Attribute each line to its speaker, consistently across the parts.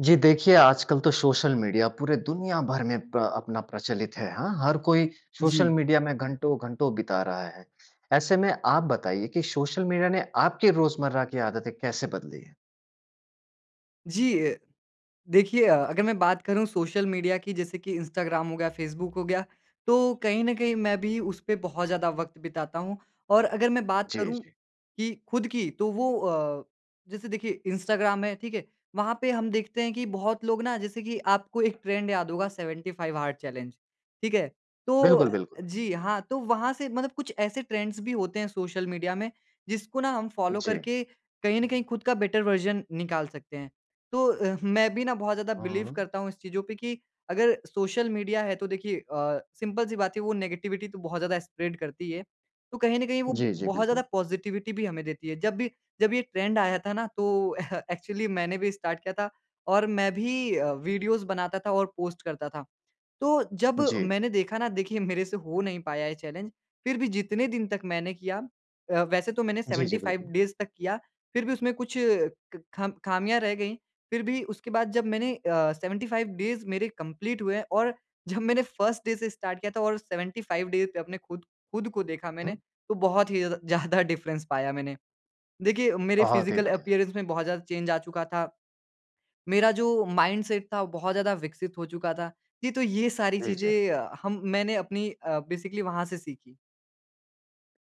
Speaker 1: जी देखिए आजकल तो सोशल मीडिया पूरे दुनिया भर में प्र अपना प्रचलित है, हाँ? हर कोई सोशल
Speaker 2: जी।
Speaker 1: मीडिया में घंटो-घंटो बिता रहा है। ऐसे में आप बताइए कि सोशल मीडिया ने आपकी रोज़मर्रा की आदतें कैसे बदली हैं?
Speaker 2: जी अ, देखिए अ, अगर मैं बात करूँ सोशल मीडिया की जैसे कि इंस्टाग्राम हो गया, फ़ेसबुक हो गया, तो कहीं न कहीं मैं भी उस पे बहुत ज़्यादा वक़्त बिताता हूँ। और अगर मैं बात
Speaker 1: जी,
Speaker 2: करूँ
Speaker 1: जी।
Speaker 2: कि ख़ुद की तो वो अ, जैसे देखिए इंस्टाग्राम है, ठीक है? वहाँ पे हम देखते हैं कि बहुत लोग ना जैसे कि आपको एक ट्रेंड याद होगा 75 हार्ड चैलेंज। ठीक है? तो अ,
Speaker 1: बिल्कुल, बिल्कुल।
Speaker 2: जी हाँ, तो वहाँ से मतलब कुछ ऐसे ट्रेंड्स भी होते हैं सोशल मीडिया में जिसको न हम फ़ॉलो
Speaker 1: जी।
Speaker 2: करके कहीं न कहीं ख़ुद का बेटर वर्ज़न निकाल सकते हैं। तो अ, मैं भी ना बहुत ज़्यादा बिलीव
Speaker 1: हुँ।
Speaker 2: करता हूँ इस चीज़ों पे कि अगर सोशल मीडिया है तो देखिए अ, सिंपल सी बात है वो नेगेटिविटी तो बहुत ज़्यादा स्प्रेड करती है तो कहीं न कहीं वो
Speaker 1: जी, जी।
Speaker 2: बहुत ज़्यादा
Speaker 1: बिल्कुल।
Speaker 2: पॉजिटिविटी भी हमें देती है। जब भी जब ये ट्रेंड आया था ना, तो एक्चुअली मैंने भी स्टार्ट किया था और मैं भी अ, वीडियोज़ बनाता था और पोस्ट करता था। तो जब
Speaker 1: जी।
Speaker 2: मैंने देखा ना देखिए मेरे से हो नहीं पाया ये चैलेंज फ़िर भी जितने दिन तक मैंने किया, अ, वैसे तो मैंने
Speaker 1: जी, जी।
Speaker 2: 75
Speaker 1: बिल्कुल।
Speaker 2: डेज़ तक किया, फ़िर भी उसमें कुछ क, खम ख़ामियाँ रह गईं, फ़िर भी उसके बाद जब मैंने अ, 75 डेज़ मेरे कंप्लीट हुए और जब मैंने फर्स्ट डे से स्टार्ट किया था और 75 डे पे अपने ख़ुद ख़ुद को देखा मैंने
Speaker 1: हुँ?
Speaker 2: तो बहुत ही ज़्य ज़्यादा डिफ़्रेंस पाया मैंने। देखिए मेरे
Speaker 1: बहुत ही
Speaker 2: फ़िज़िकल
Speaker 1: बढ़िया!
Speaker 2: अपीयरेंस में बहुत ज़्यादा चेंज आ चुका था। मेरा जो माइंड सेट था वो बहुत ज़्यादा विकसित हो चुका था। जी, तो ये सारी
Speaker 1: जी, जी।
Speaker 2: चीज़ें अ, हम मैंने अपनी अ, बेसिकली वहाँ से सीखीं।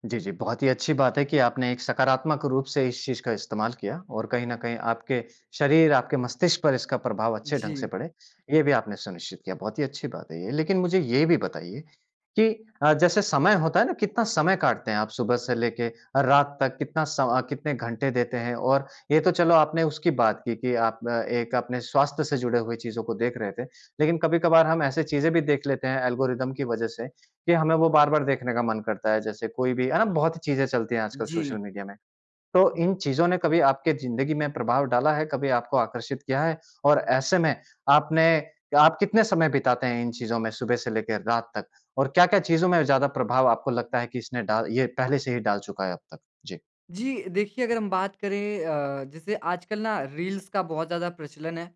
Speaker 1: जी, जी। बहुत ही अच्छी बात है कि आपने एक सकारात्मक रूप से इस चीज़ का इस्तेमाल किया। और कहीं न कहीं आपके शरीर आपके मस्तिष्क पर इसका प्रभाव अच्छे ढंग से
Speaker 2: जी।
Speaker 1: पड़े। ये भी आपने सुनिश्चित किया। बहुत ही अच्छी बात है ये। लेकिन मुझे ये भी बताइए कि अ, जैसे समय होता है ना, कितना समय काटते हैं आप? सुबह से लेके अ, रात तक कितना स अ, कितने घंटे देते हैं। और ये तो चलो आपने उसकी बात की कि आप अ, एक अपने स्वास्थ्य से जुड़े हुए चीज़ों को देख रहे थे। लेकिन कभी-कभार हम ऐसे चीज़ें भी देख लेते हैं ऐल्गोरिदम की वज़ह से कि हमें वो बार-बार देखने का मन करता है। जैसे कोई भी, है ना? बहुत ही चीज़ें चलती हैं आजकल
Speaker 2: जी।
Speaker 1: सोशल मीडिया में। तो इन चीज़ों ने कभी आपके ज़िन्दगी में प्रभाव डाला है कभी आपको आकर्षित किया है? और ऐसे में आपने क्या आप कितने समय बिताते हैं इन चीज़ों में सुबह से लेकर रात तक, और क्या-क्या चीज़ों में ज़्यादा प्रभाव आपको लगता है कि इसने डाल ये पहले से ही डाल चूका है अब तक? जी।
Speaker 2: जी। देखिए अगर हम बात करें अ, जैसे आजकल ना रील्स का बहुत ज़्यादा प्रचलन है।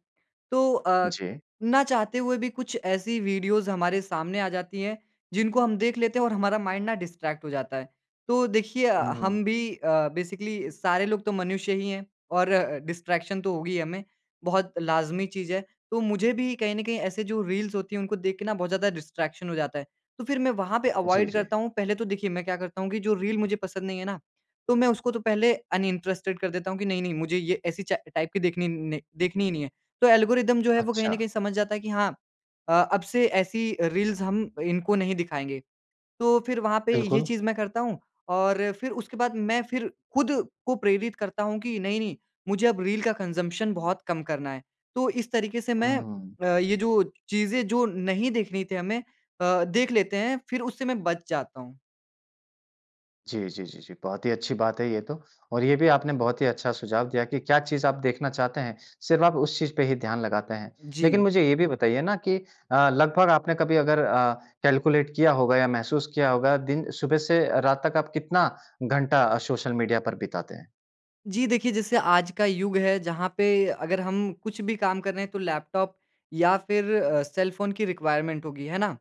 Speaker 2: तो अ,
Speaker 1: जी।
Speaker 2: ना चाहते हुए भी कुछ ऐसी वीडियोज़ हमारे सामने आ जाती हैं जिनको हम देख लेते हैं और हमारा माइंड ना डिस्ट्रैक्ट हो जाता है। तो देखिए अ,
Speaker 1: हुँ, हुँ।
Speaker 2: हम भी अ, बेसिकली सारे लोग तो मनुष्य ही हैं और डिस्ट्रैक्शन तो होगी ही हमें बहुत लाज़मी चीज़ है। तो मुझे भी कहीं न कहीं ऐसे जो रील्स होती हैं उनको देख के ना बहुत ज़्यादा डिस्ट्रैक्शन हो जाता है। तो फिर मैं वहाँ पे
Speaker 1: जी,
Speaker 2: अवॉइड
Speaker 1: जी।
Speaker 2: करता हूँ। पहले तो देखिए मैं क्या करता हूँ कि जो रील मुझे पसंद नहीं है ना तो मैं उसको तो पहले अनइंटरेस्टेड कर देता हूँ कि नहीं-नहीं मुझे ये ऐसी चा टाइप की देखनी नहीं, देखनी ही नहीं है। तो ऐल्गोरिदम जो है वो कहीं ना
Speaker 1: अच्छा।
Speaker 2: कहीं समझ जाता है कि हाँ अ, अब से ऐसी रील्स हम इनको नहीं दिखाएँगे। तो फिर वहाँ पे ये
Speaker 1: बिल्कुल।
Speaker 2: चीज़ मैं करता हूँ और फिर उसके बाद मैं फिर खुद को प्रेरित करता हूँ कि नहीं-नहीं मुझे अब रील का कंजम्पशन बहुत कम करना है। तो इस तरीके से
Speaker 1: हुँ,
Speaker 2: मैं
Speaker 1: हुँ, हुँ।
Speaker 2: अ, ये जो चीज़ें जो नहीं देखनी थी हमें अ, देख लेते हैं फिर उससे मैं बच जाता हूँ।
Speaker 1: जी, जी, जी, जी, बहुत ही अच्छी बात है ये तो और ये भी आपने बहुत ही अच्छा सुझाव दिया कि क्या चीज़ आप देखना चाहते हैं, सिर्फ़ आप उस चीज़ पे ही ध्यान लगाते हैं। लेकिन
Speaker 2: जी।
Speaker 1: मुझे ये भी बताइए ना कि अ, लगभग आपने कभी अगर अ, कैलकुलेट किया होगा या महसूस किया होगा दिन सुबह से अ, रात तक आप कितना घंटा सोशल मीडिया पर बिताते हैं?
Speaker 2: जी देखिए, जैसे आज का युग है, जहाँ पे अगर हम कुछ भी काम कर रहे हैं तो लैपटॉप या फिर अ, सेलफ़ोन की रिक्वायरमेंट होगी, है ना?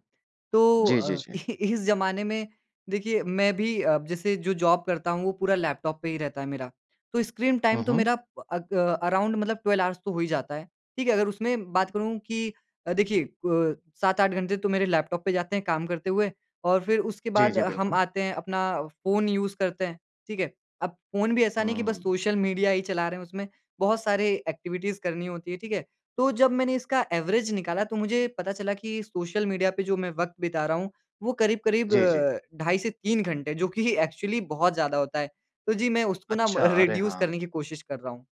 Speaker 2: तो
Speaker 1: जी, जी,
Speaker 2: अ,
Speaker 1: जी।
Speaker 2: इ इस ज़माने में देखिए, मैं भी अब जैसे जो जॉब करता हूँ वो पूरा लैपटॉप पे ही रहता है मेरा। तो स्क्रीन
Speaker 1: हुँ,
Speaker 2: टाइम तो
Speaker 1: हुँ।
Speaker 2: मेरा अक अराउंड मतलब 12 ऑर्ज़ तो हो ही जाता है, ठीक है। अगर उसमें बात करूँ कि अ, देखिए अ, 7-8 घंटे तो मेरे लैपटॉप पे जाते हैं काम करते हुए और फिर उसके
Speaker 1: जी,
Speaker 2: बाद
Speaker 1: जी,
Speaker 2: अ, हम
Speaker 1: बिल्कुल।
Speaker 2: आते हैं अपना फ़ोन यूज़ करते हैं, ठीक है? अब फ़ोन भी ऐसा नहीं
Speaker 1: हुँ,
Speaker 2: कि
Speaker 1: हुँ,
Speaker 2: बस
Speaker 1: हुँ।
Speaker 2: सोशल मीडिया ही चला रहे हैं, उसमें बहुत सारे एक्टिविटीज़ करनी होती हैं, ठीक है? तो जब मैंने इसका एवरेज निकाला तो मुझे पता चला कि सोशल मीडिया पे जो मैं वक़्त बिता रहा हूँ, वो करीब-करीब
Speaker 1: जी, जी।
Speaker 2: अ, ढाई से 3 घंटे जो कि एक्चुअली बहुत ज़्यादा होता है। तो जी मैं उसको ना म
Speaker 1: अच्छा, अरे!
Speaker 2: रिड्यूस
Speaker 1: हाँ।
Speaker 2: करने की कोशिश कर रहा हूँ।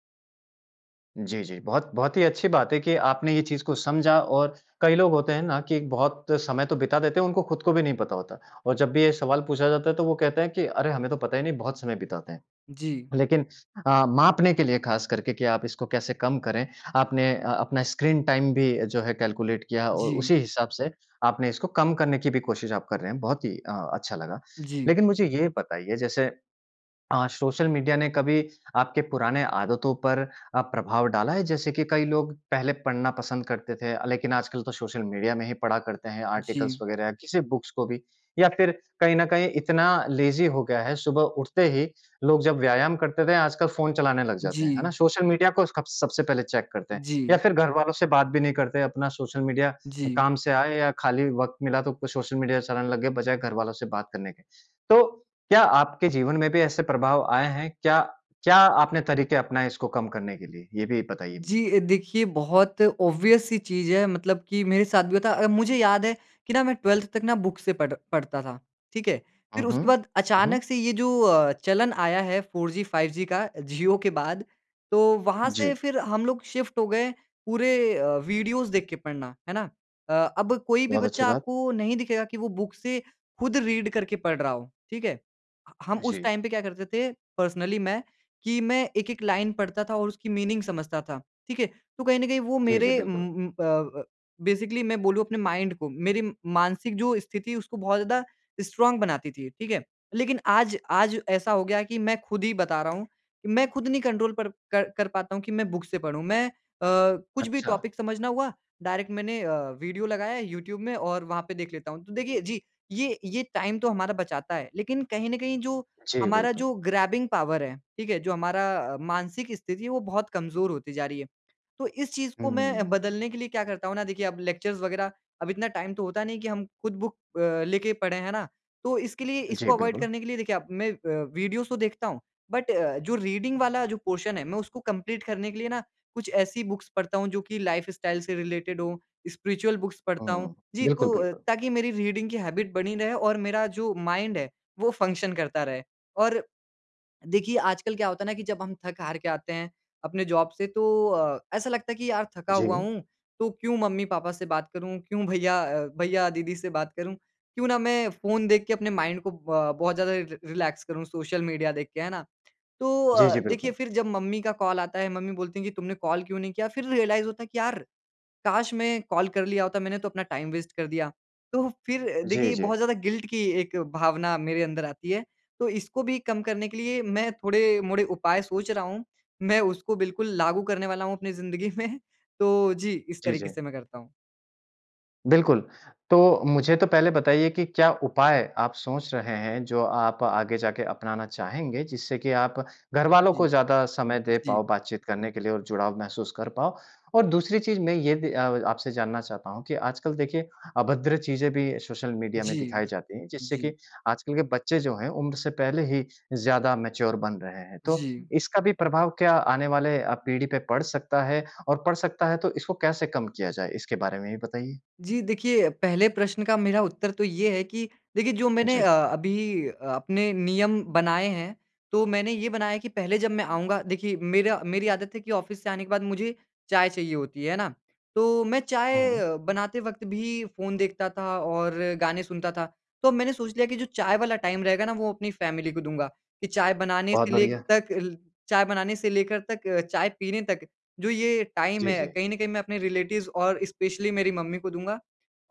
Speaker 1: जी, जी। बहुत, बहुत ही अच्छी बात है कि आपने ये चीज़ को समझा। और कई लोग होते हैं ना कि बहुत समय तो बिता देते हैं, उनको ख़ुद को भी नहीं पता होता, और जब भी ये सवाल पूछा जाता है तो वो कहते हैं कि, "अरे, हमें तो पता ही नहीं, बहुत समय बिताते हैं"।
Speaker 2: जी।
Speaker 1: लेकिन अ, मापने के लिए ख़ास करके कि आप इसको कैसे कम करें, आपने अ, अपना स्क्रीन टाइम भी जो है कैलकुलेट किया और
Speaker 2: जी।
Speaker 1: उसी हिसाब से आपने इसको कम करने की भी कोशिश आप कर रहे हैं, बहुत ही अ, अच्छा लगा।
Speaker 2: जी।
Speaker 1: लेकिन मुझे ये बताइए, जैसे अ, सोशल मीडिया ने कभी आपके पुराने आदतों पर अ, प्रभाव डाला है? जैसे कि कई लोग पहले पढ़ना पसंद करते थे अ, लेकिन आजकल तो सोशल मीडिया में ही पढ़ा करते हैं, आर्टिकल्स
Speaker 2: जी।
Speaker 1: वग़ैरह या किसी बुक्स को भी। या फिर कहीं न कहीं इतना लेज़ी हो गया है, सुबह उठते ही लोग जब व्यायाम करते थे, आजकल फ़ोन चलाने लगते हैं जाते हैं, है ना,
Speaker 2: जी।
Speaker 1: सोशल मीडिया को स्कब सबसे पहले चेक करते हैं।
Speaker 2: जी।
Speaker 1: या फिर घरवालों से बात भी नहीं करते, अपना सोशल मीडिया
Speaker 2: जी।
Speaker 1: काम से आए या खाली वक़्त मिला तो कोई सोशल मीडिया चलाने लग गए, बजाए घर वालों से बात करने के। तो क्या आपके जीवन में भी ऐसे प्रभाव आए हैं? क्या, क्या आपने तरीके अपनाए इसको कम करने के लिए, ये भी बताइए मुझे।
Speaker 2: जी। अ, देखिए बहुत ऑब्वियस-सी चीज़ है, मतलब कि मेरे साथ भी था। अ, मुझे याद है कि ना मैं 12th तक ना बुक से पढ़ पढ़ता था, ठीक है।
Speaker 1: हुँ,
Speaker 2: फिर
Speaker 1: हुँ।
Speaker 2: उसके बाद
Speaker 1: हुँ, हुँ।
Speaker 2: अचानक से ये जो अ, चलन आया है 4G, 5G का जियो के बाद, तो वहाँ से
Speaker 1: जी।
Speaker 2: फिर हम लोग शिफ़्ट हो गए पूरे अ, वीडियोज़ देख के पढ़ना, है ना। अ, अब कोई भी
Speaker 1: बहुत अच्छी
Speaker 2: बच्चा
Speaker 1: बात।
Speaker 2: आपको नहीं दिखेगा कि वो बुक से ख़ुद रीड करके पढ़ रहा हो, ठीक है। ह हम उस
Speaker 1: जी।
Speaker 2: टाइम पे क्या करते थे, पर्सनली मैं, कि मैं एक-एक लाइन पढ़ता था और उसकी मीनिंग समझता था, ठीक है। तो कहीं न कहीं वो
Speaker 1: जी, जी,
Speaker 2: मेरे
Speaker 1: बिल्कुल।
Speaker 2: उम, उम, अ अ, बेसिकली मैं बोलूँ अपने माइंड को, मेरी मानसिक जो स्थिति उसको बहुत ज़्यादा स्ट्रॉन्ग बनाती थी, ठीक है। लेकिन आज, आज ऐसा हो गया कि मैं ख़ुद ही बता रहा हूँ, मैं ख़ुद नहीं कंट्रोल कर कर कर पाता हूँ कि मैं बुक से पढ़ूँ। मैं अ, कुछ भी
Speaker 1: अच्छा।
Speaker 2: टॉपिक समझना हुआ, डायरेक्ट मैंने अ, वीडियो लगाया है यूट्यूब में और वहाँ पे देख लेता हूँ। तो देखिए, जी, ये, ये टाइम तो हमारा बचाता है, लेकिन कहीं न कहीं जो,
Speaker 1: जी
Speaker 2: हमारा
Speaker 1: बिल्कुल।
Speaker 2: जो ग्रैबिंग पावर है, ठीक है, जो हमारा अ, मानसिक स्थिति है वो बहुत कमज़ोर होती जा रही है। तो इस चीज़ को मैं
Speaker 1: हम्म।
Speaker 2: बदलने के लिए क्या करता हूँ ना, देखिए अब लेक्चर्स वग़ैरह, अब इतना टाइम तो होता नहीं है कि हम ख़ुद बुक अ, लेके पढ़ें, है ना। तो इसके लिए
Speaker 1: जी
Speaker 2: इसको अवॉइड
Speaker 1: बिल्कुल।
Speaker 2: करने के लिए देखिए अब मैं अ, वीडियोज़ तो देखता हूँ, बट जो रीडिंग वाला जो पोर्शन है, मैं उसको कंप्लीट करने के लिए ना कुछ ऐसी बुक्स पढ़ता हूँ जो कि लाइफ़स्टाइल से रिलेटेड हों, स्पिरिचुअल बुक्स पढ़ता हूँ।
Speaker 1: हुँ।
Speaker 2: जी,
Speaker 1: बिल्कुल,
Speaker 2: तो,
Speaker 1: बिल्कुल।
Speaker 2: ताकि मेरी रीडिंग की हैबिट बनी रहे और मेरा जो माइंड है, वो फ़ंक्शन करता रहे। और, देखिए आजकल क्या होता है ना कि जब हम थक-हार के आते हैं, अपने जॉब से तो अ, ऐसा लगता है कि यार थका हुआ
Speaker 1: जी।
Speaker 2: हूँ, तो क्यों मम्मी-पापा से बात करूँ, क्यों भईया, अ, भईया-दीदी से बात करूँ, क्यों ना मैं फ़ोन देख के अपने माइंड को ब बहुत ज़्यादा रिलैक्स करूँ सोशल मीडिया देख के, है ना। तो
Speaker 1: जी,
Speaker 2: अ,
Speaker 1: जी,
Speaker 2: देखिए
Speaker 1: बिल्कुल।
Speaker 2: फिर जब मम्मी का कॉल आता है, मम्मी बोलती हैं कि, "तुमने कॉल क्यों नहीं किया", फिर रियलाइज़ होता है कि यार, काश मैं कॉल कर लिया होता, मैंने तो अपना टाइम वेस्ट कर दिया। तो फिर देखिए
Speaker 1: जी,
Speaker 2: ये
Speaker 1: जी।
Speaker 2: बहुत ज़्यादा गिल्ट की एक भावना मेरे अंदर आती है। तो इसको भी कम करने के लिए मैं थोड़े-मोड़े उपाय सोच रहा हूँ। मैं उसको बिल्कुल लागू करने वाला हूँ अपनी ज़िन्दगी में। तो जी, इस
Speaker 1: जी,
Speaker 2: तरीके से
Speaker 1: जी।
Speaker 2: मैं करता हूँ।
Speaker 1: बिल्कुल। तो मुझे तो पहले बताइए कि क्या उपाय आप सोच रहे हैं जो आप आगे जाके अपनाना चाहेंगे, जिससे की आप घरवालों को
Speaker 2: जी।
Speaker 1: ज़्यादा समय दे
Speaker 2: जी।
Speaker 1: पाओ बातचीत करने के लिए और जुड़ाव महसूस कर पाओ। और दूसरी चीज़ मैं ये भी अ आपसे जानना चाहता हूँ कि आजकल देखिए, अभद्र चीज़ें भी सोशल मीडिया में
Speaker 2: जी।
Speaker 1: दिखाई जाती हैं जिससे कि
Speaker 2: जी।
Speaker 1: आजकल के बच्चे जो हैं, उम्र से पहले ही ज़्यादा मैच्योर बन रहे हैं। तो
Speaker 2: जी।
Speaker 1: इसका भी प्रभाव क्या आने वाले अ, पीढ़ी पे पड़ सकता है, और पड़ सकता है तो इसको कैसे कम किया जाए, इसके बारे में भी बताइए।
Speaker 2: जी, देखिए, पहले प्रश्न का मेरा उत्तर तो ये है कि देखिए जो मैंने
Speaker 1: जी।
Speaker 2: अ, अभी अपने नियम बनाए हैं, तो मैंने ये बनाया है कि पहले जब मैं आऊँगा देखिए मेरा मेरी आदत है कि ऑफ़िस से आने के बाद मुझे चाय चाहिए होती है, है ना, तो मैं चाय
Speaker 1: हुँ।
Speaker 2: बनाते वक़्त भी फ़ोन देखता था और गाने सुनता था। तो मैंने सोच लिया कि जो चाय वाला टाइम रहेगा ना, वो अपनी फ़ैमिली को दूँगा, कि चाय बनाने
Speaker 1: बहुत
Speaker 2: से लेग
Speaker 1: बढ़िया।
Speaker 2: तक अल चाय बनाने से लेकर तक चाय पीने तक जो ये टाइम
Speaker 1: जी,
Speaker 2: है,
Speaker 1: जी।
Speaker 2: कहीं न कहीं मैं अपने रिलेटिव्स और स्पेशली मेरी मम्मी को दूँगा।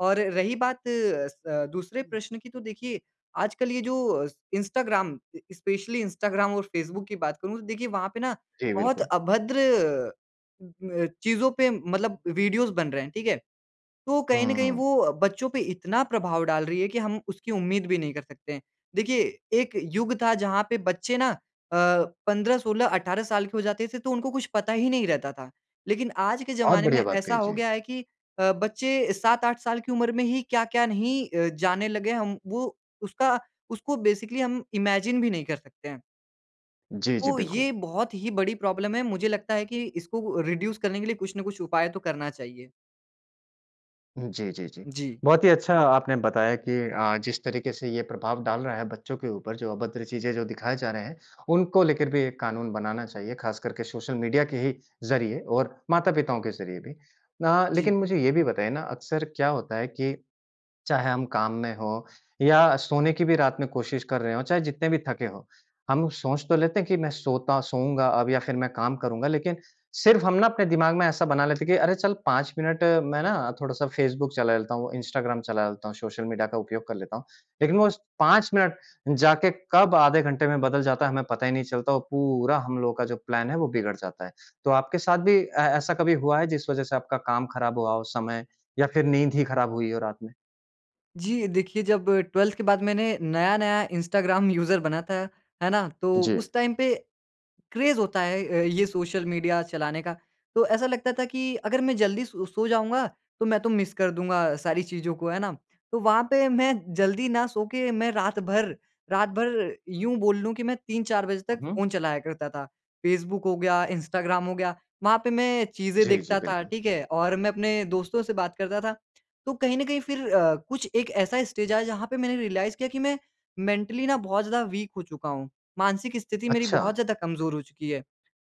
Speaker 2: और रही बात स दूसरे
Speaker 1: हुँ।
Speaker 2: प्रश्न की तो देखिए, आजकल ये जो स इंस्टाग्राम स्पेशली इंस्टाग्राम और फेसबुक की बात करूँ, तो देखिए वहाँ पे ना
Speaker 1: जी
Speaker 2: बहुत
Speaker 1: बिल्कुल।
Speaker 2: अभद्र म चीज़ों पे मतलब वीडियोज़ बन रहे हैं, ठीक है। तो कहीं न कहीं,
Speaker 1: हुँ।
Speaker 2: वो बच्चों पे इतना प्रभाव डाल रही है कि हम उसकी उम्मीद भी नहीं कर सकते हैं। देखिए एक युग था जहाँ पे बच्चे ना अ, 15, 16, 18 साल के हो जाते थे, तो उनको कुछ पता ही नहीं रहता था। लेकिन आज के
Speaker 1: बहुत
Speaker 2: ज़माने
Speaker 1: बढ़िया
Speaker 2: में
Speaker 1: बात
Speaker 2: ऐसा
Speaker 1: कही,
Speaker 2: हो
Speaker 1: जी।
Speaker 2: गया है कि अ, बच्चे 7, 8 साल की उम्र में ही क्या-क्या नहीं अ, जानने लग गए, हम वो उसका उसको बेसिकली हम इमेजिन भी नहीं कर सकते हैं।
Speaker 1: जी, जी
Speaker 2: तो ये
Speaker 1: बिल्कुल।
Speaker 2: बहुत ही बड़ी प्रॉब्लम है, मुझे लगता है कि इसको अ, रिड्यूस करने के लिए कुछ न कुछ उपाय तो करना चाहिए।
Speaker 1: हुँ जी, जी, जी।
Speaker 2: जी।
Speaker 1: बहुत ही अच्छा आपने बताया कि अ, जिस तरीके से ये प्रभाव डाल रहा है बच्चों के ऊपर जो अभद्र चीज़ें जो दिखाए जा रहे हैं, उनको लेकर भी एक कानून बनाना चाहिए, ख़ास करके सोशल मीडिया के ही ज़रिए और माता-पिताओं के ज़रिए भी। ना
Speaker 2: जी।
Speaker 1: लेकिन मुझे ये भी बताइए ना अक्सर क्या होता है कि चाहे हम काम में हों या सोने की भी रात में कोशिश कर रहे हों, चाहे जितने भी थके हों, हम सोच तो लेते हैं कि मैं सोता सोऊँगा अब या फिर मैं करूँगा लेकिन सिर्फ़ हम ना अपने दिमाग में ऐसा बना लेते हैं कि अरे चल 5 मिनट मैं ना थोड़ा-सा फ़ेसबुक चला लेता हूँ, इंस्टाग्राम चला लेता हूँ, सोशल मीडिया का उपयोग कर लेता हूँ। लेकिन वो उस 5 मिनट जाके कब आधे घंटे में बदल जाता है हमें पता ही नहीं चलता और पूरा हम लोगों का जो प्लान है वो बिगड़ जाता है। तो आपके साथ भी ए ऐसा कभी हुआ है जिस वजह से आपका काम ख़राब हुआ हो उस समय या फिर नींद ही ख़राब हुई हो रात में?
Speaker 2: जी देखिए, जब 12th के बाद मैंने नया-नया इंस्टाग्राम यूज़र बना था, है ना? तो
Speaker 1: जी।
Speaker 2: उस टाइम पे क्रेज़ होता है अ, ये सोशल मीडिया चलाने का। तो ऐसा लगता था कि अगर मैं जल्दी सो सो जाऊँगा तो मैं तो मिस कर दूँगा सारी चीज़ों को, है ना? तो वहाँ पे मैं जल्दी ना सो के मैं रात भर, रात भर यूँ बोल लूँ कि मैं 3-4 बजे तक
Speaker 1: हुँ, हुँ।
Speaker 2: फ़ोन चलाया करता था। फ़ेसबुक हो गया, इंस्टाग्राम हो गया, वहाँ पे मैं चीज़ें
Speaker 1: जी, जी
Speaker 2: देखता था,
Speaker 1: बिल्कुल।
Speaker 2: ठीक है? और मैं अपने दोस्तों से बात करता था। तो कहीं न कहीं फिर अ, कुछ एक ऐसा स्टेज आया जहाँ पे मैंने रियलाइज़ किया कि मैं मेंटली ना बहुत ज़्यादा वीक हो चुका हूँ। मानसिक स्थिति मेरी
Speaker 1: अच्छा।
Speaker 2: बहुत ज़्यादा कमज़ोर हो चुकी है।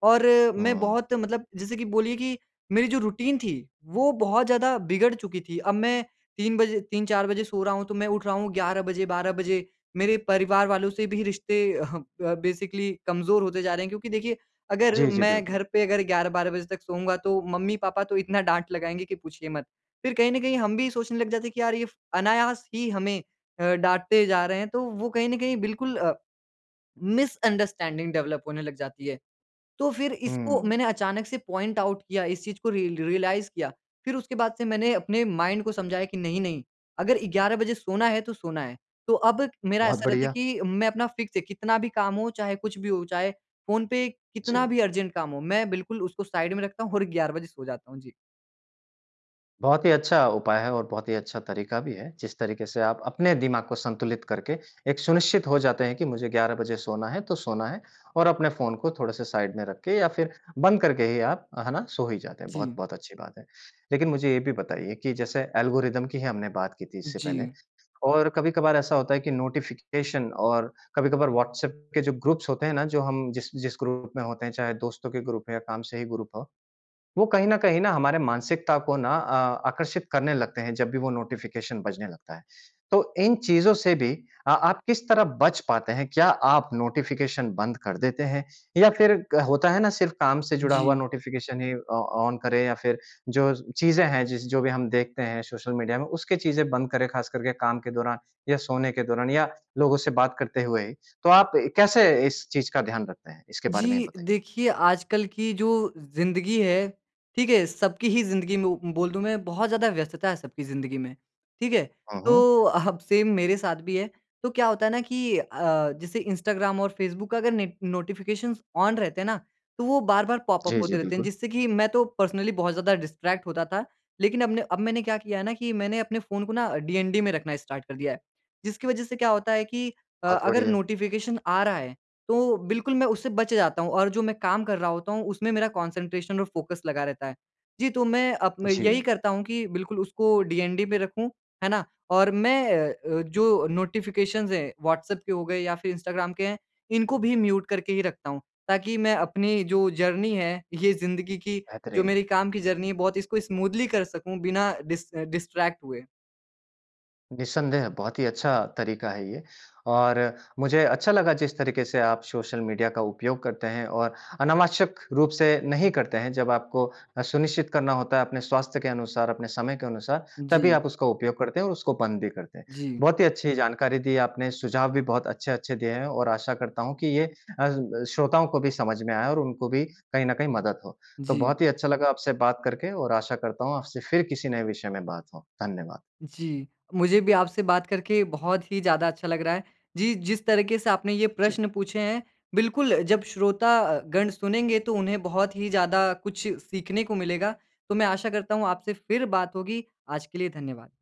Speaker 2: और मैं
Speaker 1: हाँ।
Speaker 2: बहुत मतलब जैसे कि बोलिए कि मेरी जो रूटीन थी, वो बहुत ज़्यादा बिगड़ चुकी थी। अब मैं 3 बजे 3-4 बजे सो रहा हूँ तो मैं उठ रहा हूँ 11 बजे, 12 बजे। मेरे परिवार वालों से भी रिश्ते अह ब बेसिकली कमज़ोर होते जा रहे हैं क्योंकि देखिए अगर
Speaker 1: जी, जी
Speaker 2: मैं घर
Speaker 1: बिल्कुल।
Speaker 2: पे अगर 11-12 बजे तक सोऊँगा तो मम्मी-पापा तो इतना डाँट लगाएँगे कि पूछिए मत। फिर कहीं न कहीं हम भी सोचने लग जाते हैं कि यार ये फ़ अनायास ही हमें अ, डाँटते जा रहे हैं। तो वो कहीं ना कहीं बिल्कुल अ, मिसअंडरस्टैंडिंग डेवलप होने लग जाती है। तो फिर इसको
Speaker 1: हुँ।
Speaker 2: मैंने अचानक से पॉइंट आउट किया इस चीज़ को रिय रियलाइज़ किया। फिर उसके बाद से मैंने अपने माइंड को समझाया कि नहीं-नहीं अगर 11 बजे सोना है तो सोना है। तो अब मेरा
Speaker 1: बहुत
Speaker 2: ऐसा रहता है
Speaker 1: बढ़िया।
Speaker 2: कि मैं अपना फ़िक्स है कितना भी काम हो, चाहे कुछ भी हो, चाहे फ़ोन पे कितना
Speaker 1: जी।
Speaker 2: भी अर्जेंट काम हो। मैं बिल्कुल उसको साइड में रखता हूँ और 11 बजे सो जाता हूँ। जी।
Speaker 1: बहुत ही अच्छा उपाय है और बहुत ही अच्छा तरीका भी है। जिस तरीके से आप अपने दिमाग को संतुलित करके एक सुनिश्चित हो जाते हैं कि मुझे 11 बजे सोना है तो सोना है। और अपने फ़ोन को थोड़े से साइड में रख के या फिर बंद करके ही आप, है ना? सो ही जाते हैं।
Speaker 2: जी।
Speaker 1: बहुत-बहुत अच्छी बात है। लेकिन मुझे ये भी बताइए कि जैसे एल्गोरिदम की हमने बात की थी इससे पहले
Speaker 2: जी।
Speaker 1: और कभी-कभार ऐसा होता है कि नोटिफ़िकेशन और कभी-कभार व्हाट्सऐप के जो ग्रुप्स होते हैं ना, जो हम जिस जिस ग्रुप में होते हैं चाहे दोस्तों के ग्रुप हो या काम से ही ग्रुप हो। वो कहीं न कहीं ना हमारे मानसिकता को ना आ आकर्षित करने लगते हैं जब भी वो नोटिफ़िकेशन बजने लगता है। तो इन चीज़ों से भी अ, आप किस तरह बच पाते हैं? क्या आप नोटिफ़िकेशन बंद कर देते हैं? या फिर होता है ना सिर्फ़ काम से जुड़ा हुआ
Speaker 2: जी।
Speaker 1: नोटिफ़िकेशन ही ऑ ऑन करें। या फिर जो चीज़ें हैं जिस जो भी हम देखते हैं सोशल मीडिया में उसके चीज़ें बंद करें ख़ास कर के काम के दौरान। या सोने के दौरान या लोगों से बात करते हुए ही। तो आप कैसे इस चीज़ का ध्यान रखते हैं? इसके बारे में ही
Speaker 2: जी।
Speaker 1: बताइए।
Speaker 2: देखिए आजकल की जो ज़िंदगी है, ठीक है? सबकी ही ज़िंदगी में उ बोल दूँ मैं बहुत ज़्यादा व्यस्तता है सबकी ज़िंदगी में, ठीक है?
Speaker 1: हुँ, हुँ।
Speaker 2: तो अब सेम मेरे साथ भी है तो क्या होता है ना कि अ, जैसे इंस्टाग्राम और फ़ेसबुक का अगर ने नोटिफ़िकेशन ऑन रहते हैं ना तो वो बार-बार पॉप-अप
Speaker 1: जी, जी।
Speaker 2: होते रहते हैं।
Speaker 1: बिल्कुल।
Speaker 2: जिससे कि मैं तो पर्सनली बहुत ज़्यादा डिस्ट्रैक्ट होता था। लेकिन अब ना अब मैंने क्या किया है ना कि मैंने अपने फ़ोन को ना डीएनडी में रखना स्टार्ट कर दिया है। जिसकी वज़ह से क्या होता है कि अ,
Speaker 1: बहुत
Speaker 2: अगर
Speaker 1: बढ़िया।
Speaker 2: नोटिफ़िकेशन आ रहा है तो बिल्कुल मैं उससे बच जाता हूँ। और जो मैं काम कर रहा होता हूँ उसमें मेरा कॉन्सन्ट्रेशन और फ़ोकस लगा रहता है। जी, तो मैं अब मैं यही
Speaker 1: जी।
Speaker 2: करता हूँ कि बिल्कुल उसको डीएनडी में रखूँ। है ना? और मैं अ अ, जो नोटिफ़िकेशन हैं व्हाट्सएप के हो गए या फिर इंस्टाग्राम के हैं इनको भी म्यूट करके ही रखता हूँ। ताकि मैं अपनी जो जर्नी है ये ज़िंदगी की जो
Speaker 1: बेहतरीन।
Speaker 2: मेरी काम की जर्नी है बहुत इसको स्मूथली कर सकूँ बिना डिस डिस्ट्रैक्ट हुए।
Speaker 1: निसंदेह। बहुत ही अच्छा तरीका है ये। और मुझे अच्छा लगा जिस तरीके से आप सोशल मीडिया का उपयोग करते हैं और अनावश्यक रूप से नहीं करते हैं जब आपको अ, सुनिश्चित करना होता है अपने स्वास्थ्य के अनुसार अपने समय के अनुसार तभी
Speaker 2: जी।
Speaker 1: आप उसका उपयोग करते हैं और उसको बंद भी करते हैं।
Speaker 2: जी।
Speaker 1: बहुत ही अच्छी जानकारी दी है आपने, सुझाव भी बहुत अच्छे-अच्छे दिए हैं और आशा करता हूँ कि ये अ, श्रोताओं को भी समझ में आएँ और उनको भी कहीं न कहीं मदद हो। तो
Speaker 2: जी।
Speaker 1: बहुत ही अच्छा लगा आपसे बात करके और आशा करता हूँ आपसे फिर किसी नए विषय में बात हों। धन्यवाद।
Speaker 2: जी। मुझे भी आपसे बात करके बहुत ही ज़्यादा अच्छा लग रहा है। जी, जिस तरीके से आपने ये
Speaker 1: जी।
Speaker 2: प्रश्न पूछे हैं बिल्कुल जब श्रोता अ, गण सुनेंगे तो उन्हें बहुत ही ज़्यादा अ, कुछ सीखने को मिलेगा। तो मैं आशा करता हूँ आपसे फिर बात होगी। आज के लिए धन्यवाद।